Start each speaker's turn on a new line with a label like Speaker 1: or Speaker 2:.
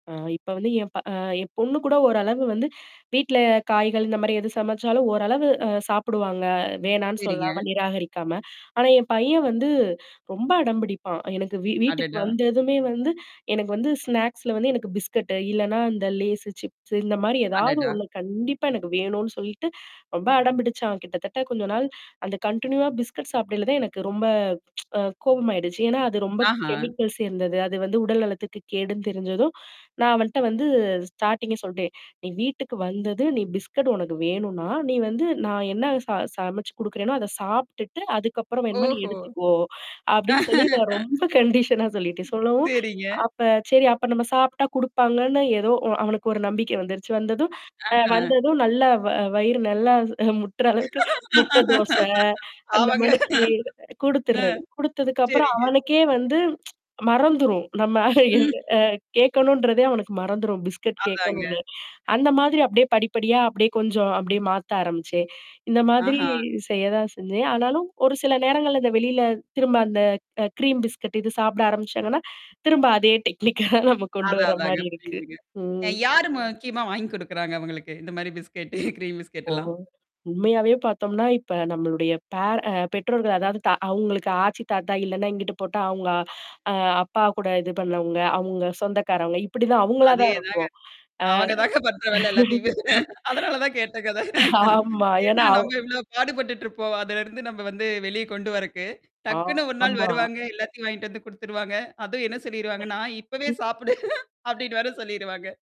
Speaker 1: அ இப்ப வந்து என் ப அ என் பொண்ணு கூட ஓரளவு வந்து வீட்ல காய்கள், இந்தமாரி எது சமைச்சாலும் ஓரளவு அ சாப்பிடுவாங்க. வேணான்னு
Speaker 2: சரிங்க.
Speaker 1: சொல்லாம, நிராகரிக்காம. ஆனா என் பையன் வந்து ரொம்ப அடம்பிடிப்பான். எனக்கு வீ வீட்டுக்கு
Speaker 2: அடடா!
Speaker 1: வந்ததுமே வந்து எனக்கு வந்து ஸ்நாக்ஸ்ல வந்து எனக்கு பிஸ்கட்டு. இல்லன்னா அந்த லேசு, சிப்ஸ் இந்தமாரி ஏதாவது
Speaker 2: அடடா!
Speaker 1: ஒண்ணு கண்டிப்பா எனக்கு வேணுன்னு சொல்லிட்டு, ரொம்ப அடம்பிடிச்சான். கிட்டத்தட்ட கொஞ்ச நாள் அந்த கன்டினியூவா பிஸ்கட் சாப்பிடைல தான் எனக்கு ரொம்ப அ கோபமாயிடுச்சு. ஏன்னா அது ரொம்ப
Speaker 2: ஆஹா!
Speaker 1: கெமிக்கல்ஸ் சேர்ந்தது. அது வந்து உடல் நலத்துக்கு கேடுன்னு தெரிஞ்சதும். நான் அவன்ட்ட வந்து ஸ்டார்டிங்கே சொல்ட்டேன். "நீ வீட்டுக்கு வந்தது, நீ பிஸ்கட் உனக்கு வேணுனா, நீ வந்து நான் என்ன ச சமைச்சு குடுக்குறேன்னோ, அத சாப்டுட்டு அதுக்கப்புறம் வேணுமா நீ
Speaker 2: ஓஹோ!
Speaker 1: எடுத்துக்கோ!" அப்பிடின்னு சொல்லி நான் ரொம்ப கண்டிஷனா சொல்லிட்டேன். சொல்லவும்.
Speaker 2: சரிங்க.
Speaker 1: அப்ப சரி அப்ப நம்ம சாப்டா குடுப்பாங்கன்னு ஏதோ அ அவனுக்கு ஒரு நம்பிக்கை வந்துருச்சு. வந்ததும் அ
Speaker 2: ஆஹா!
Speaker 1: வந்ததும் நல்லா வ வயிறு நல்லா முட்டுற அளவுக்கு முட்டை தோச அந்த
Speaker 2: ஆமாங்க.
Speaker 1: மாணிக்கி
Speaker 2: அ.
Speaker 1: குடுத்துர்றது. குடுத்ததுக்குப்புறம்
Speaker 2: சரிங்க.
Speaker 1: அவனுக்கே வந்து மறந்துரும். நம்ம
Speaker 2: ம்ஹ்ம்.
Speaker 1: அ கேட்கணுன்றதே அவனுக்கு மறந்துரும். பிஸ்கட்
Speaker 2: அதாங்க.
Speaker 1: கேட்கணுனே. அந்தமாதிரி அப்பிடியியே படிப்படியா அப்பிடியே கொஞ்சம் அப்பிடியே மாத்த ஆரம்பிச்சேன். இந்தமாதிரி
Speaker 2: ஆஹா!
Speaker 1: செய்ய தான் செஞ்சேன். ஆனாலும் ஒரு சில நேரங்கள்ல அந்த வெளியில திரும்ப அந்த க க்ரீம் பிஸ்கட் இது சாப்பிட ஆரம்பிச்சாங்கன்னா, திரும்ப அதே டெக்னிக்கா தான் நம்ம கொண்டு
Speaker 2: அதான், அதாங்க.
Speaker 1: வரமாரி இருக்கு.
Speaker 2: புரியுதுங்க. அ
Speaker 1: ம்.
Speaker 2: யாரு முக்கியமா வாங்கி குடுக்குறாங்க அவுங்களுக்கு? இந்தமாரி பிஸ்கெட்டு கிரீம்
Speaker 1: ஓ!
Speaker 2: பிஸ்கெட்டெல்லாம்?
Speaker 1: உண்மையாவே பார்த்தோம்ன்னா, இப்ப நம்மளுடைய பேர அ பெற்றோர்கள் அதாவது தா அவுங்களுக்கு ஆச்சி, தாத்தா இல்லன்னா, இங்கிட்டு போட்டா அவுங்க அ அப்பா கூட இது பண்ணவங்க, அங்க சொந்தக்காரவுங்க, இப்பிடிதான் அவுங்களா தான்
Speaker 2: அதேதாங்க.
Speaker 1: இருக்கும். அ.
Speaker 2: அவுங்க தாங்க பண்ற வேல எல்லாத்தையுமே! அதனால தான் கேட்டேங்க அத.
Speaker 1: ஆமா. ஏன்னா
Speaker 2: ஏன்னா
Speaker 1: அவ்
Speaker 2: நம்ம எவ்ளோ பாடுபட்டுட்டு இருப்போம். அதுலருந்து நம்ம வந்து வெளியே கொண்டு வரக்கு. டக்குன்னு ஒரு நாள்
Speaker 1: ஆமா.
Speaker 2: வருவாங்க. எல்லாத்தையும் வாங்கிட்டு வந்து குடுத்துருவாங்க. அதுவும் என்ன சொல்லிருவாங்கன்னா, "இப்பவே சாப்புடு." அப்பிடின்னு வேற சொல்லிருவாங்க.